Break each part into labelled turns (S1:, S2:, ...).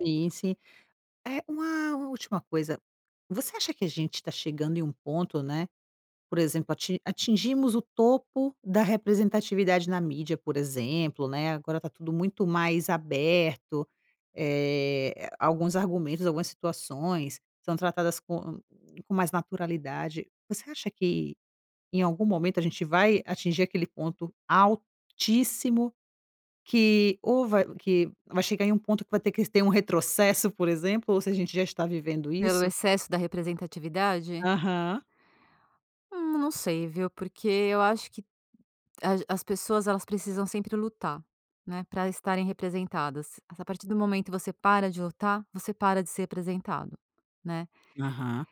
S1: Sim, sim. Eh uma última coisa, você acha que a gente tá chegando em um ponto, né, por exemplo ati atingimos o topo da representatividade na mídia por exemplo, né, agora tá tudo muito mais aberto, eh, a alguns argumentos, algumas situações são tratadas com com mais naturalidade. Você acha que em algum momento a gente vai atingir aquele ponto altíssimo que ou vai que vai chegar em um ponto que vai ter que ter um retrocesso por exemplo ou se a gente já está vivendo
S2: Pelo
S1: isso?
S2: excesso da representatividade?
S1: Aham.
S2: Hum, não sei viu porque eu acho que as as pessoas elas precisam sempre lutar, né, pra estarem representadas, a partir do momento você para de lutar você para de ser representado, né.
S1: Aham.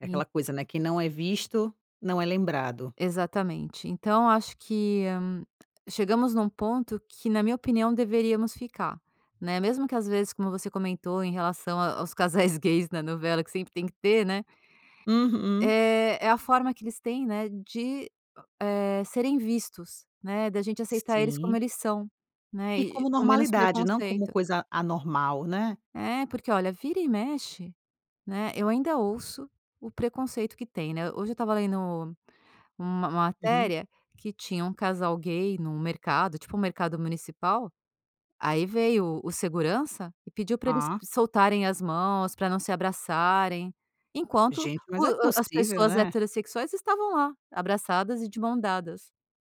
S1: É
S2: E
S1: aquela coisa, né, quem não é visto não é lembrado.
S2: Exatamente. Então acho que chegamos num ponto que na minha opinião deveríamos ficar, né, mesmo que às vezes como você comentou em relação a aos casais gays na novela que sempre tem que ter, né.
S1: Uhum.
S2: É é a forma que eles têm, né, de, eh, serem vistos né da gente aceitar eles como
S1: Sim.
S2: eles são, né,
S1: E
S2: e
S1: como
S2: com menos
S1: normalidade não como
S2: preconceito.
S1: coisa anormal, né.
S2: Eh, porque olha vira e mexe, né, eu ainda ouço o preconceito que tem, né, hoje eu estava lendo uma
S1: Uhum.
S2: matéria que tinha um casal gay num mercado tipo um mercado municipal aí veio o o segurança e pediu pra eles
S1: Ah.
S2: soltarem as mãos pra não se abraçarem enquanto
S1: Gente, mas
S2: o
S1: é
S2: as
S1: possível,
S2: pessoas
S1: né.
S2: heterossexuais estavam lá, abraçadas e de mãos dadas.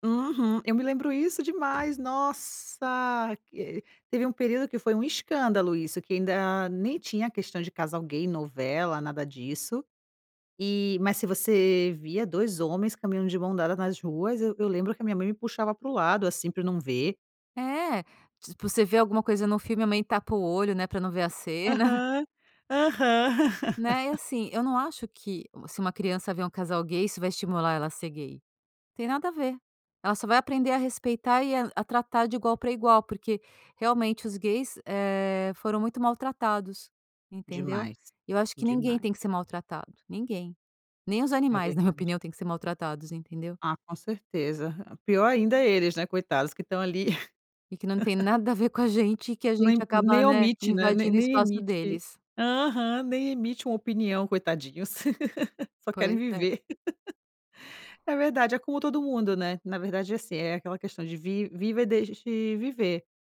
S1: Uhum, eu me lembro isso demais, nossa, eh, teve um período que foi um escândalo isso que ainda nem tinha questão de casal gay novela nada disso, e mas se você via 2 homens caminhando de mãos dadas nas ruas eu eu lembro que a minha mãe me puxava para o lado, assim, pra não ver.
S2: É, tipo você vê alguma coisa no filme a mãe tapa o olho, né, pra não ver a cena.
S1: Aham, aham.
S2: Né, e assim, eu não acho que se uma criança ver um casal gay isso vai estimular ela a ser gay, não tem nada a ver, ela só vai aprender a respeitar e a a tratar de igual pra igual porque realmente os gays, eh, foram muito maltratados entendeu?
S1: Demais,
S2: E eu acho que ninguém
S1: demais.
S2: tem que ser maltratado, ninguém, nem os
S1: É
S2: animais na minha
S1: verdade.
S2: opinião tem que ser maltratados, entendeu?
S1: Ah com certeza, pior ainda é eles, né, coitados que estão ali
S2: E que não tem nada a ver com a gente e que a gente
S1: Nem
S2: acaba
S1: nem
S2: né
S1: omite, né, nem
S2: invadindo o
S1: nem
S2: espaço
S1: emite.
S2: deles.
S1: Aham, nem emite uma opinião, coitadinhos, só querem
S2: Pois é.
S1: viver. É verdade, é como todo mundo, né, na verdade, assim, é aquela questão de vi vive ou deixe viver.